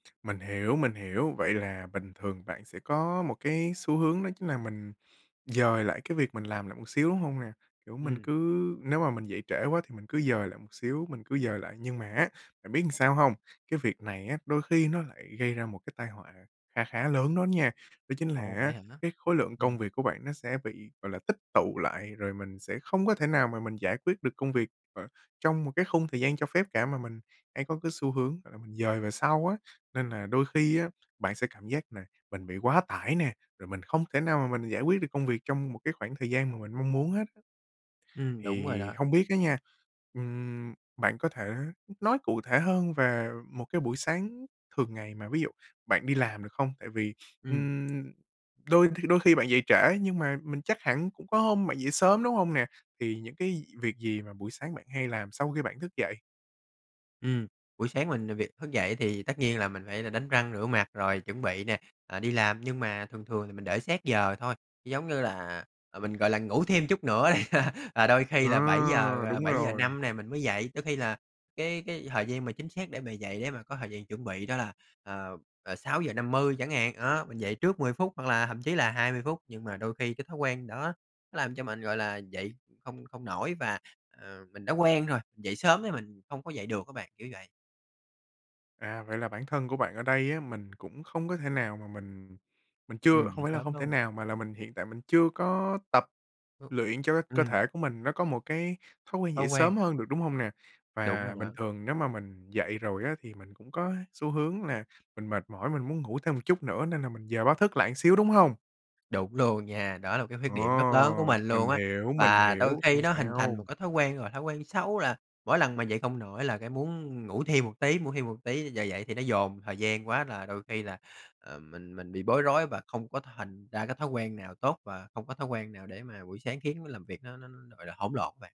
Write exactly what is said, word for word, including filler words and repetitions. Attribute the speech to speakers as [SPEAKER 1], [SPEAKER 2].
[SPEAKER 1] Mình hiểu, mình hiểu. Vậy là bình thường bạn sẽ có một cái xu hướng đó chính là mình dời lại cái việc mình làm lại một xíu, đúng hông nè? Kiểu, mình
[SPEAKER 2] Ừm.
[SPEAKER 1] cứ nếu mà mình dậy trễ quá thì mình cứ dời lại một xíu, mình cứ dời lại, nhưng mà á, bạn biết ừn sao hông? Cái việc này á, đôi khi nó lại gây ra một cái tai họa kha khá lớn đó nha. Đó chính là
[SPEAKER 2] Ồ, vậy
[SPEAKER 1] á,
[SPEAKER 2] hả?
[SPEAKER 1] cái khối lượng công
[SPEAKER 2] Ừm.
[SPEAKER 1] việc của bạn nó sẽ bị, gọi là, tích tụ lại, rồi mình sẽ không có thể nào mà mình giải quyết được công việc ở trong một cái khung thời gian cho phép cả, mà mình hay có cái xu hướng, gọi là, mình dời về sau á. Nên là đôi khi á, bạn sẽ cảm giác là mình bị quá tải nè, rồi mình không thể nào mà mình giải quyết được công việc trong một cái khoảng thời gian mà mình mong muốn hết á.
[SPEAKER 2] Ừm, đúng rồi
[SPEAKER 1] Thì
[SPEAKER 2] đó.
[SPEAKER 1] hông biết á nha, ừm, bạn có thể nói cụ thể hơn về một cái buổi sáng thường ngày mà ví dụ bạn đi làm được không? Tại vì,
[SPEAKER 2] Ừm.
[SPEAKER 1] ừm, đôi th đôi khi bạn dậy trễ nhưng mà mình chắc hẳn cũng có hôm bạn dậy sớm, đúng hông nè? Thì những cái gi việc gì mà buổi sáng bạn hay làm sau khi bạn thức dậy?
[SPEAKER 2] Ừm. Buổi sáng mình à, việc thức dậy thì tất nhiên là mình phải đánh răng, rửa mặt rồi chuẩn bị nè, ờ, đi làm. Nhưng mà thường thường thì mình để sát giờ thôi, giống như là mình, gọi là, ngủ thêm chút nữa đi, rồi đôi khi là bảy giờ,
[SPEAKER 1] À.
[SPEAKER 2] ờ,
[SPEAKER 1] Đúng
[SPEAKER 2] bảy giờ
[SPEAKER 1] rồi.
[SPEAKER 2] năm nè mình mới dậy. Đôi khi là cái cái thời gian mà chính xác để mà dậy để mà có thời gian chuẩn bị đó là, ờ, ờ, sáu giờ năm mươi chẳng hạn. Đó, mình dậy trước mười phút, hoặc là thậm chí là hai mươi phút. Nhưng mà đôi khi cái thói quen đó nó làm cho mình, gọi là, dậy không không nổi và, à, mình đã quen rồi, dậy sớm thì mình không có dậy được á bạn, kiểu vậy.
[SPEAKER 1] À, vậy là bản thân của bạn ở đây á, mình cũng không có thể nào mà mình mình chưa
[SPEAKER 2] Ừm,
[SPEAKER 1] không
[SPEAKER 2] dậy
[SPEAKER 1] phải là
[SPEAKER 2] sớm
[SPEAKER 1] không thể
[SPEAKER 2] luôn.
[SPEAKER 1] nào, mà mình hiện tại mình chưa có tập
[SPEAKER 2] Ơ,
[SPEAKER 1] luyện cho cái cơ
[SPEAKER 2] ừm.
[SPEAKER 1] thể của mình nó có một cái thói quen
[SPEAKER 2] Thói
[SPEAKER 1] dậy
[SPEAKER 2] quen.
[SPEAKER 1] sớm hơn được, đúng hông nè?
[SPEAKER 2] Đúng rồi
[SPEAKER 1] Và bình
[SPEAKER 2] đó.
[SPEAKER 1] thường nếu mà mình dậy rồi á, thì mình cũng có xu hướng là mình mệt mỏi, mình muốn ngủ thêm một chút nữa nên là mình dời báo thức lại một xíu, đúng hông?
[SPEAKER 2] Đúng luôn nha. Đó là một cái khuyết
[SPEAKER 1] Ồ,
[SPEAKER 2] điểm rất lớn của mình luôn
[SPEAKER 1] mình
[SPEAKER 2] á.
[SPEAKER 1] hiểu, mình
[SPEAKER 2] Và đôi
[SPEAKER 1] hiểu.
[SPEAKER 2] khi
[SPEAKER 1] Không
[SPEAKER 2] nó hình thành một
[SPEAKER 1] sao.
[SPEAKER 2] cái thói quen rồi, thói quen xấu, là mỗi lần mà dậy không nổi là cái muốn ngủ thêm một tí, ngủ thêm một tí. Giờ dậy thì nó dồn thời gian quá là đôi khi là, ờ, mình mình bị bối rối và không có thành ra cái thói quen nào tốt và không có thói quen nào để mà buổi sáng khiến nó làm việc nó nó, gọi là, hỗn lộn á bạn.